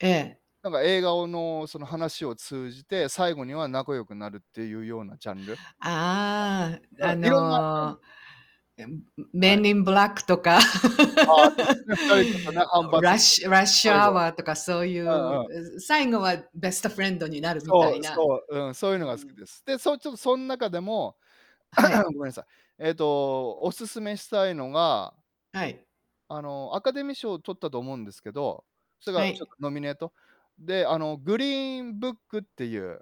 ええ。なんか映画をの、その、話を通じて、最後には仲良くなるっていうようなジャンル。あああ、あ、うあん、色んなうん。の、えんん、はい。Men in Black とか、あ、ああ、そうですね、2人とかね、反発してて、Rush Rush 最後 Hour とかそういうんうん。う、う、最後はベストフレンドになるみたそいう、な。そう、うん、そういううーのが好ん。きです。で、そう、ちょっとそん中でも、はい。ごめんなさい。ええと、おすすめしたいのがはい。あの、アカデミー賞取ったと思うんですけど、それはが、ちょっい。と、ノミネート。で、あの、グリーンブックっていう